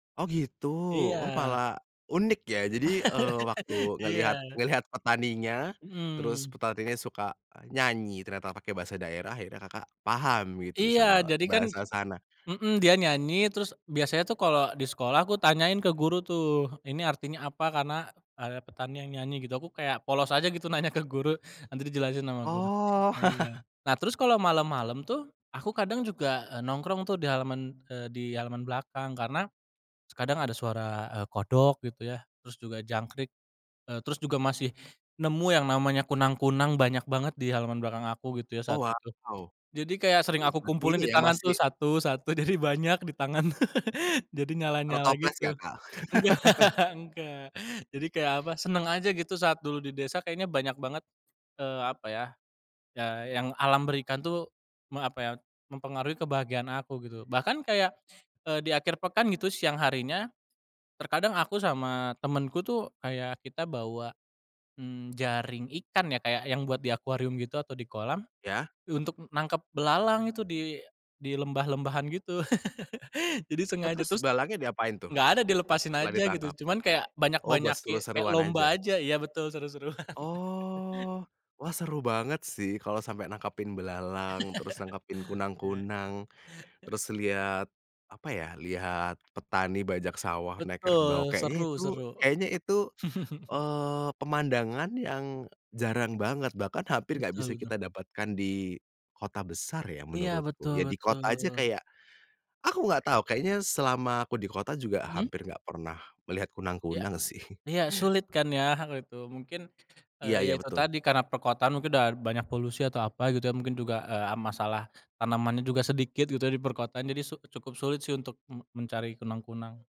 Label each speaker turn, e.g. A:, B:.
A: Oh gitu? Oh
B: Iya.
A: malah unik ya? Jadi, eee, waktu
B: Iya.
A: ngelihat ngelihat petaninya, terus
B: Mhm.
A: petaninya suka nyanyi ternyata pakai bahasa daerah, akhirnya Kakak paham gitu
B: Iya
A: sama
B: jadi kan
A: bahasa sana.
B: mhm dia nyanyi, terus biasanya tuh kalo di sekolah aku tanyain ke guru tuh, ini artinya apa, karena ada petani yang nyanyi gitu, aku kayak polos aja gitu nanya ke guru, nanti dijelasin sama guru,
A: Oh.
B: nah iya. Nah terus kalo malem-malem tuh, aku kadang juga nongkrong tuh di halaman, eee, di halaman belakang karena kadang ada suara, eee, kodok gitu ya terus juga jangkrik, eee, terus juga masih nemu yang namanya kunang-kunang banyak banget di halaman belakang aku gitu ya
A: Oh
B: saat itu.
A: wow.
B: Jadi kayak sering
A: Jadi,
B: aku
A: seperti
B: kumpulin
A: ini
B: di
A: ya
B: tangan tuh
A: masih
B: satu satu, jadi banyak di tangan, jadi
A: Taruh
B: nyala-nyala
A: toples
B: gitu.
A: gak Kak?
B: Enggak enggak, jadi kayak apa, seneng aja gitu saat dulu di desa kayaknya banyak banget, eee, apa ya, ya yang alam berikan tuh me apa ya, mempengaruhi kebahagiaan aku gitu. Bahkan kayak, eee, di akhir pekan gitu siang harinya terkadang aku sama temenku tuh kayak kita bawa, mmm, jaring ikan ya kayak yang buat di akuarium gitu atau di kolam,
A: Ya?
B: untuk nangkep belalang itu di di lembah lembahan gitu. Jadi
A: Oh
B: sengaja,
A: terus
B: terus
A: belalangnya diapain tuh
B: gak ada dilepasin
A: setelah
B: aja gitu,
A: ditangkap?
B: cuman kayak
A: Oh buat
B: banyak-banyak ge kayak
A: seru-seruan
B: lomba
A: aja?
B: aja, iya betul seru-seruan.
A: Oh, wah seru banget sih kalo sampe nangkepin belalang, terus nangkepin
B: Ya.
A: kunang-kunang, terus liat apa ya, lihat petani bajak sawah naik kerbau,
B: Betul,
A: kayaknya
B: seru
A: itu
B: seru.
A: kayaknya itu, eee, pemandangan yang jarang banget bahkan hampir gak bisa
B: Betul betul.
A: kita dapatkan di kota besar ya
B: Iya
A: menurutku,
B: betul
A: ya di kota aja
B: betul.
A: kayak, aku nggak tahu kayaknya selama aku di kota juga
B: Mhm.
A: hampir nggak pernah melihat
B: Ya,
A: kunang-kunang sih.
B: ya sulit kan ya gitu, mungkin,
A: Iya
B: eee, ya
A: iya
B: itu
A: betul.
B: tadi karena perkotaan mungkin udah banyak polusi atau apa gitu ya mungkin juga, eee, masalah tanamannya juga sedikit gitu ya di perkotaan, jadi su cukup sulit sih untuk me mencari kunang-kunang.